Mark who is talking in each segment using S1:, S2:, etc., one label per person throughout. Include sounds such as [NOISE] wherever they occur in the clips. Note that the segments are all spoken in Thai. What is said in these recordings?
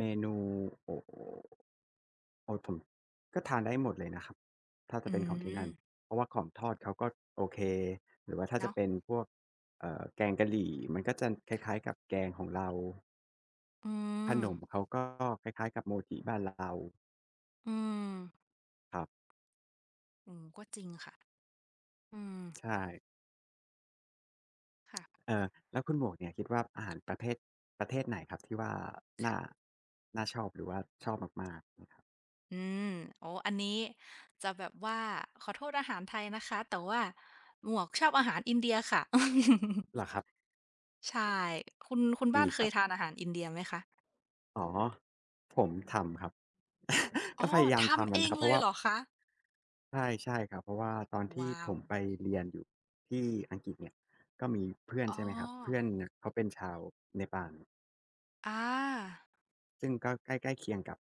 S1: menu โอ้ [UNINTELLIGIBLE] ก็ทานได้หมดเลยนะครับ ถ้าจ
S2: อ
S1: ะ
S2: ื
S1: เป็นของที่นั่น
S2: ม
S1: เพราะว่าของทอดเขา ก็โอเค หรือว่า ถ้า
S2: เน
S1: จ
S2: า
S1: ะ
S2: ะ
S1: เป็นพวก เอ่อ แกงกะหรี่ มันก็จะคล
S2: ค่ะ
S1: ้าย ๆ กับแกงของเรา
S2: อื
S1: ขน
S2: ม
S1: มเขาก็คล้าย ๆ กับโมจิบ้านเรา
S2: อืม
S1: ครับ
S2: เออ ก็จริงค่ะ อืม
S1: ใช่
S2: ค่ะ
S1: เออ แล้วคุณหมวกเนี่ย คิดว่าอาหารประเภท ประเทศไหนครับที่ว่า
S2: ค
S1: น
S2: ่
S1: ่
S2: ะ
S1: า น่าชอบ หรือว่าชอบมาก ๆ
S2: อืม อ๋อ อันนี้จะแบบว่า ขอโทษอาหารไทยนะคะ แต่ว่าหมวกชอบอาหารอินเดียค่ะ [LAUGHS]
S1: เหรอครับ
S2: ใช่ คุณ คุณบ
S1: ด
S2: ้า
S1: ี
S2: นเค
S1: คร
S2: ย
S1: ับ
S2: ทานอาหารอินเดียไหมคะ?
S1: อ๋อ ผมทำครับ
S2: อ
S1: ก็
S2: ๋อ
S1: พยายาม
S2: ท
S1: ท
S2: ำ
S1: ำก
S2: เ
S1: ั
S2: อ
S1: นอะ
S2: ง
S1: ครับ เ
S2: เ
S1: พ
S2: ล
S1: ราะ
S2: ย
S1: ว่
S2: เ
S1: า
S2: หรอคะ?
S1: ใช่ ๆ ครับ เพราะว่าตอนท
S2: ว
S1: ี่
S2: ้า
S1: ผ
S2: ว
S1: มไปเรียนอยู่ที่อังกฤษเนี่ย ก็มีเพื่อน
S2: อ๋
S1: ใช
S2: อ
S1: ่ไหมครับ เพื่อนเนี่ยเขาเป็นชาวเนปาล
S2: อา
S1: ซึ่งก็ใกล้ ใกล้เคียงกับ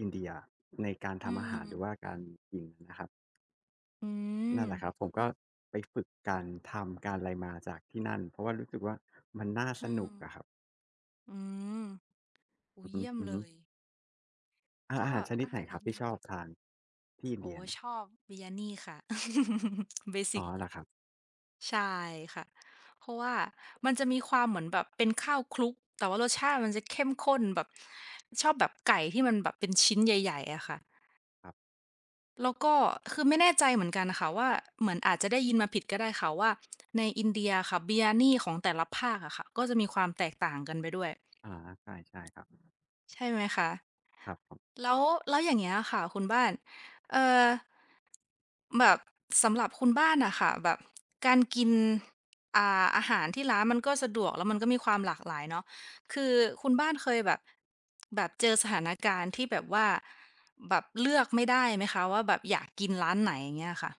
S1: อินเดียในการ
S2: อื
S1: ทำอาหาร หรื
S2: ม
S1: อว่าการกินนะครับ
S2: อื
S1: นั่นแหละ
S2: ม
S1: ครับ ผมก็ไปฝึกการทำการอะไรมาจากที่นั่น เพราะว่ารู้สึกว่า มันน่า
S2: อ
S1: ส
S2: ื
S1: น
S2: ม
S1: ุกอะครับ
S2: อืม โอ้โ
S1: อื
S2: ฮ
S1: อ
S2: เยี่ยมเล
S1: ฮึ ๆ
S2: ย
S1: อ
S2: ก
S1: อา
S2: ็
S1: หารชน
S2: อ
S1: ิด
S2: าห
S1: ไหน
S2: าร
S1: ค
S2: อ
S1: ร
S2: ิ
S1: ับ
S2: น
S1: ท
S2: เ
S1: ี
S2: ด
S1: ่
S2: ี
S1: ช
S2: ย
S1: อบทานที่อิน
S2: โอ
S1: เด
S2: ้
S1: ีย
S2: ชอบ biryani ค่ะ [CHUCKLES] เบส
S1: อ๋
S2: ิ
S1: อ
S2: ก
S1: เหรอครับ?
S2: ใช่ค่ะ เพราะว่ามันจะมีความเหมือนแบบเป็นข้าวคลุก แต่ว่ารสชาติมันจะเข้มข้นแบบ ชอบแบบไก่ที่มันแบบเป็นชิ้นใหญ่ ๆ อะค่ะ
S1: ครับ
S2: แล้วก็ คือ ไม่แน่ใจเหมือนกันน่ะค่ะว่า เหมือนอาจจะได้ยินมาผิดก็ได้ค่ะว่า ในอินเดียอะค่ะ biryani ของแต่ละภาคอะค่ะ ก็จะมีความแตกต่างกันไปด้วย
S1: อ่า ใช่ ๆ ครับ
S2: ใช่ไหมคะ
S1: ครับผม
S2: แล้ว แล้วอย่างเงี้ยอะค่ะคุณบ้าน เอ่อ แบบ สำหรับคุณบ้านน่ะค่ะ แบบ การกิน อ่า อาหารที่ร้านมันก็สะดวก แล้วมันก็มีความหลากหลายเนาะ คือคุณบ้านเคยแบบ แบบเจอสถานการณ์ที่แบบว่า แบบเลือกไม่ได้ไหมคะ ว่าแบบอยากกินร้านไหน อย่างเงี้ยค่ะ